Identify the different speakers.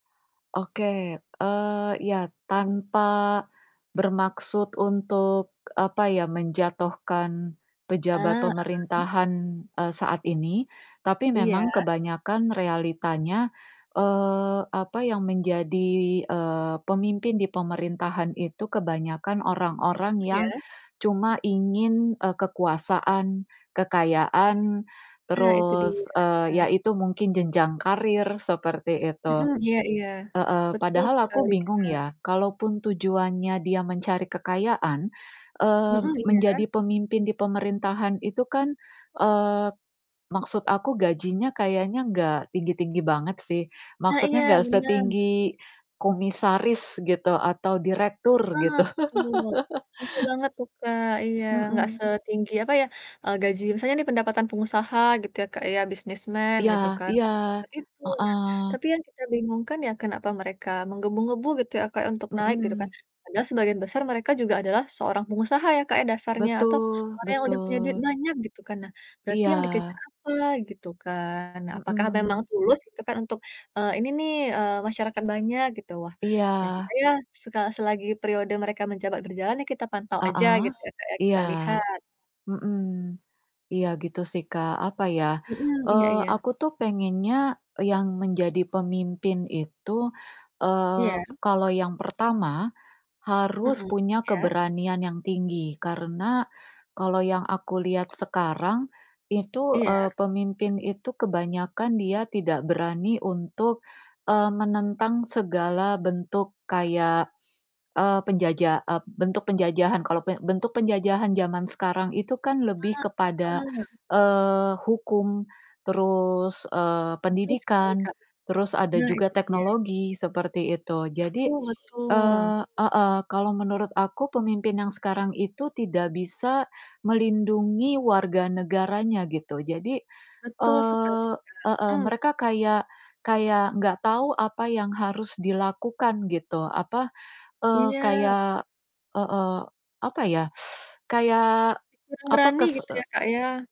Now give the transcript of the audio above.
Speaker 1: Oke, eee, iya tanpa bermaksud untuk apa ya, menjatuhkan pejabat
Speaker 2: Ah, heeh.
Speaker 1: pemerintahan, eee, saat ini, tapi
Speaker 2: Iya.
Speaker 1: memang kebanyakan realitanya, eee, apa, yang menjadi, eee, pemimpin di pemerintahan itu kebanyakan orang-orang
Speaker 2: Mhm, iya.
Speaker 1: yang cuma ingin, eee, kekuasaan, kekayaan,
Speaker 2: Nah itu
Speaker 1: terus,
Speaker 2: dia.
Speaker 1: eee, ya itu mungkin jenjang karir, seperti
Speaker 2: Mhm,
Speaker 1: itu.
Speaker 2: iya iya.
Speaker 1: Heeh,
Speaker 2: Betul
Speaker 1: Padahal aku
Speaker 2: sekali,
Speaker 1: bingung
Speaker 2: Kak.
Speaker 1: ya, kalaupun tujuannya dia mencari kekayaan, eee,
Speaker 2: Mhm, iya.
Speaker 1: menjadi pemimpin di pemerintahan itu kan eee, maksud aku gajinya kayanya gak tinggi-tinggi banget sih.
Speaker 2: Nah,
Speaker 1: Maksudnya
Speaker 2: iya
Speaker 1: gak
Speaker 2: benar.
Speaker 1: setinggi komisaris gitu, atau direktur
Speaker 2: Heeh,
Speaker 1: gitu.
Speaker 2: betul. Iya banget tuh, Kak, iya, nggak
Speaker 1: Mhm.
Speaker 2: setinggi apa ya, eee, gaji misalnya ini pendapatan pengusaha gitu ya, Kak, ya businessman
Speaker 1: Iya
Speaker 2: gitu kan
Speaker 1: iya,
Speaker 2: gak sebesar itu, nah
Speaker 1: heeh.
Speaker 2: tapi yang kita bingung kan ya kenapa mereka menggebu-gebu gitu ya, Kak, ya untuk naik gitu kan
Speaker 1: Mhm.
Speaker 2: padahal sebagian besar mereka juga adalah seorang pengusaha ya, Kak, ya dasarnya atau
Speaker 1: Betul
Speaker 2: orang yang udah punya duit
Speaker 1: betul.
Speaker 2: banyak gitu kan. Nah, berarti yang dikejar
Speaker 1: Iya.
Speaker 2: apa? Gitu kan, nah apakah memang
Speaker 1: Mhm.
Speaker 2: tulus gitu kan untuk, eee, ini nih, eee, masyarakat banyak gitu, wah, ya gitu
Speaker 1: Iya.
Speaker 2: ya, seka selagi periode mereka menjabat berjalan yah kita pantau aja
Speaker 1: Heeh?
Speaker 2: gitu ya, Kak, ya kita
Speaker 1: Iya.
Speaker 2: lihat.
Speaker 1: Mhm, iya gitu sih, Kak apa ya,
Speaker 2: Mhm, iya
Speaker 1: eee,
Speaker 2: iya.
Speaker 1: aku tuh pengennya e yang menjadi pemimpin itu, eee,
Speaker 2: Iya.
Speaker 1: kalau yang pertama, harus
Speaker 2: Mhm,
Speaker 1: punya
Speaker 2: iya.
Speaker 1: keberanian yang tinggi karena kalau yang aku lihat sekarang itu, eee,
Speaker 2: Iya.
Speaker 1: pemimpin itu kebanyakan dia tidak berani untuk, eee, menentang segala bentuk kayak, eee, penjaja eee, bentuk penjajahan kalau bentuk penjajahan zaman sekarang itu kan lebih
Speaker 2: Ah,
Speaker 1: kepada,
Speaker 2: heeh.
Speaker 1: eee, hukum, terus, eee,
Speaker 2: Betul sekali,
Speaker 1: pendidikan,
Speaker 2: Kak,
Speaker 1: terus ada
Speaker 2: nah
Speaker 1: juga
Speaker 2: itu dia.
Speaker 1: teknologi, seperti itu. Jadi
Speaker 2: Betul betul.
Speaker 1: eee, heeh, kalau menurut aku pemimpin yang sekarang itu tidak bisa melindungi warga negaranya gitu. Jadi
Speaker 2: Betul sekali,
Speaker 1: eee, heeh,
Speaker 2: Kak, mmm.
Speaker 1: mereka kayak kayak gak tau apa yang harus dilakukan gitu apa, eee,
Speaker 2: Iya.
Speaker 1: kayak heeh apa ya, kayak
Speaker 2: Kurang
Speaker 1: apa
Speaker 2: berani
Speaker 1: kese
Speaker 2: gitu ya,
Speaker 1: e
Speaker 2: Kak, ya.